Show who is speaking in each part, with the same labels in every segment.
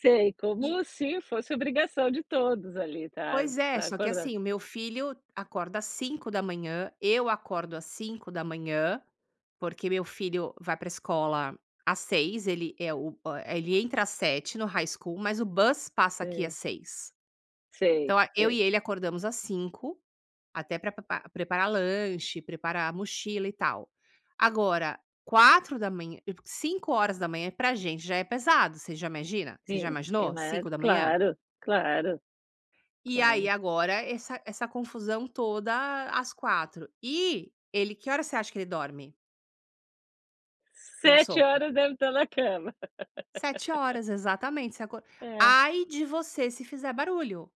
Speaker 1: Sei,
Speaker 2: E
Speaker 1: como se fosse obrigação de todos ali, tá
Speaker 2: Pois é,
Speaker 1: tá
Speaker 2: só que
Speaker 1: acorda
Speaker 2: assim, o meu filho acorda às 5h00, eu acordo às 5h00, porque meu filho vai para escola às 6h00, ele, eh, o a ele entra às 7h00 no High School, mas o bus passa aqui
Speaker 1: Sei.
Speaker 2: às 6h00.
Speaker 1: Sei,
Speaker 2: Então, a eu
Speaker 1: sei.
Speaker 2: e ele acordamos às 5h00, até pra pepra preparar lanche, preparar mochila e tal. Agora, 4h00, eu 5h00 pra gente já é pesado. Você já imagina você já
Speaker 1: Sim, é
Speaker 2: imaginou,
Speaker 1: ma
Speaker 2: 5h00?
Speaker 1: Claro. Claro.
Speaker 2: E aí
Speaker 1: Claro.
Speaker 2: agora essa essa confusão toda às 4h00. E ele que horas você acha que ele dorme? Meu
Speaker 1: sete
Speaker 2: sogro.
Speaker 1: horas deve estar na cama.
Speaker 2: sete horas, exatamente. Você acor
Speaker 1: É.
Speaker 2: Ai de você se fizer barulho.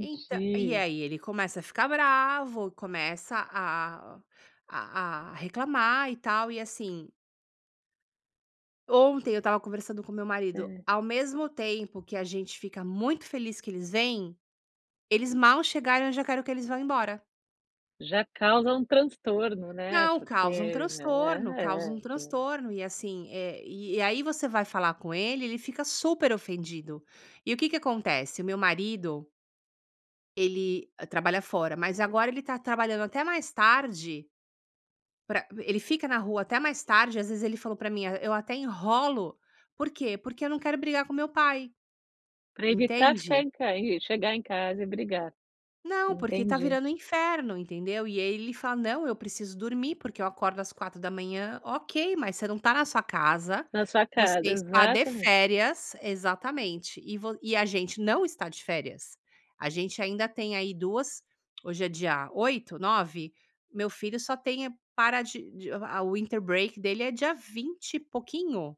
Speaker 2: Entã E aí ele começa a ficar bravo, começa a a a reclamar e tal, e assim Ontem, eu estava conversando com meu marido,
Speaker 1: É.
Speaker 2: ao mesmo tempo que a gente fica muito feliz que eles vêm, eles mal chegaram eu já quero que eles vão embora.
Speaker 1: Já causa um transtorno, né,
Speaker 2: Não, causa um
Speaker 1: porque já
Speaker 2: transtorno,
Speaker 1: ah,
Speaker 2: causa
Speaker 1: é,
Speaker 2: um
Speaker 1: já
Speaker 2: transtorno. E assim, eh, e e aí você vai falar com ele, ele fica super ofendido. E o que que acontece, o meu marido ele trabalha fora. Mas agora ele tá trabalhando até mais tarde pra ele fica na rua até mais tarde, às vezes, ele falou para mim: "Ah, eu até enrolo, por quê? Porque eu não quero brigar com meu pai."
Speaker 1: Pra evitar ficar
Speaker 2: Entende.
Speaker 1: em ca e chegar em casa e brigar.
Speaker 2: Não, porque tá
Speaker 1: Entendi.
Speaker 2: virando um inferno, entendeu. E aí ele fala: "Não, eu preciso dormir, porque eu acordo às 4h00". Ok, mas você não tá na sua casa,
Speaker 1: Na sua
Speaker 2: você
Speaker 1: casa.
Speaker 2: está de
Speaker 1: Exatamente.
Speaker 2: férias. Exatamente. E vo e a gente não está de férias. A gente ainda tem aí 2, hoje é dia 8, 9. Meu filho só tem eh, para de de a o winter break dele é dia 20 e pouquinho.